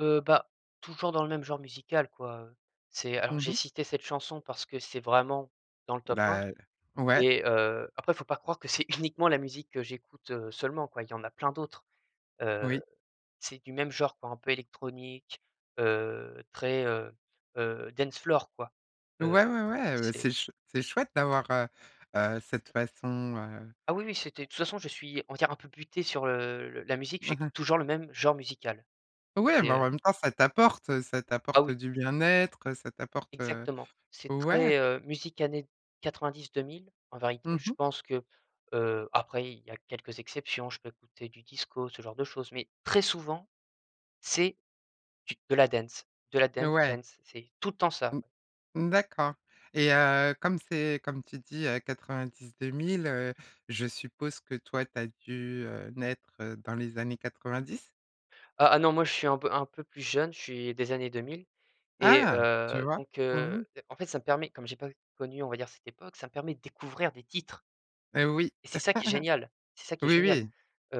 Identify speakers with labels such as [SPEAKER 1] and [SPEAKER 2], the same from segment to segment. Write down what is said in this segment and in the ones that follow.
[SPEAKER 1] Heu, bah, toujours dans le même genre musical quoi, heu, c'est alors
[SPEAKER 2] Mmh
[SPEAKER 1] j'ai
[SPEAKER 2] mh.
[SPEAKER 1] cité cette chanson parce que c'est vraiment dans le top 1
[SPEAKER 2] Bah, heu ouais.
[SPEAKER 1] et heu, après il faut pas croire que c'est uniquement la musique que j'écoute, heu, seulement quoi il y en a plein d'autres. Heu,
[SPEAKER 2] Oui.
[SPEAKER 1] c'est du même genre quoi un peu électronique, heu, très, heu heu, dance floor quoi, heu,
[SPEAKER 2] Ouais, ouais, ouais, heu,
[SPEAKER 1] c'est
[SPEAKER 2] c'est ch c'est chouette d'avoir, heu heu, cette façon, heu
[SPEAKER 1] Ah oui, oui, c'était de toute façon je suis on va dire un peu «buté» sur, heu, le la musique
[SPEAKER 2] Mmh
[SPEAKER 1] j'ai
[SPEAKER 2] mh.
[SPEAKER 1] toujours le même genre musical
[SPEAKER 2] Ouais,
[SPEAKER 1] et
[SPEAKER 2] mais en
[SPEAKER 1] heu
[SPEAKER 2] même temps ça t'apporte, heu, ça
[SPEAKER 1] Ah
[SPEAKER 2] t'apporte
[SPEAKER 1] oui.
[SPEAKER 2] du bien-être, heu, ça t'apporte, heu
[SPEAKER 1] Exactement, c'est
[SPEAKER 2] ouais.
[SPEAKER 1] très, heu, musique années 90-2000 en vérité.
[SPEAKER 2] Mmh
[SPEAKER 1] Je
[SPEAKER 2] mh.
[SPEAKER 1] pense que heu, après il y a quelques exceptions, je peux écouter du disco, ce genre de choses, mais très souvent c'est, du de la dance, de la dance,
[SPEAKER 2] Ouais.
[SPEAKER 1] dance. C'est tout le temps ça.
[SPEAKER 2] Mmh, mmh d'accord et heu, comme c'est, comme tu dis, heu, 90-2000, heu, je suppose que toi, tu as dû, heu, naître dans les années 90?
[SPEAKER 1] Ah ah, non, moi je suis un peu un peu plus jeune. Je suis des années 2000 et
[SPEAKER 2] Ah! Tu
[SPEAKER 1] heu,
[SPEAKER 2] vois?
[SPEAKER 1] donc
[SPEAKER 2] Mmh
[SPEAKER 1] heu,
[SPEAKER 2] mh.
[SPEAKER 1] en fait ça me permet comme j'ai pas u connu on va dire cette époque, ça me permet de découvrir des titres
[SPEAKER 2] Heu, oui.
[SPEAKER 1] et c'est ça qui est génial! C'est ça qui est
[SPEAKER 2] Oui,
[SPEAKER 1] génial,
[SPEAKER 2] oui,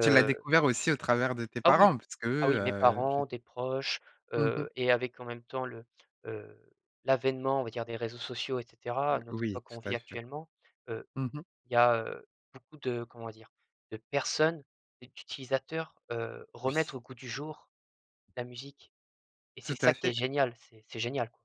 [SPEAKER 2] tu l'as découvert aussi au travers de tes
[SPEAKER 1] Ah oui,
[SPEAKER 2] parents
[SPEAKER 1] ah
[SPEAKER 2] puisqu'eux,
[SPEAKER 1] oui, mes
[SPEAKER 2] heu, je
[SPEAKER 1] parents, des proches,
[SPEAKER 2] Mmh mh.
[SPEAKER 1] heu et avec en même temps, le, heu, l'avènement on va dire des réseaux sociaux et cetera, à
[SPEAKER 2] Heu,
[SPEAKER 1] notre
[SPEAKER 2] oui
[SPEAKER 1] époque qu'on
[SPEAKER 2] tout
[SPEAKER 1] vit
[SPEAKER 2] à fait.
[SPEAKER 1] actuellement, heu,
[SPEAKER 2] Mmh mh.
[SPEAKER 1] il y a, heu, beaucoup de comment dire? De personnes et d'utilisateurs, heu, remettre
[SPEAKER 2] Oui.
[SPEAKER 1] au goût du jour la musique et c'est
[SPEAKER 2] Tout
[SPEAKER 1] ça
[SPEAKER 2] à
[SPEAKER 1] qui est
[SPEAKER 2] fait.
[SPEAKER 1] génial! C'est c'est génial.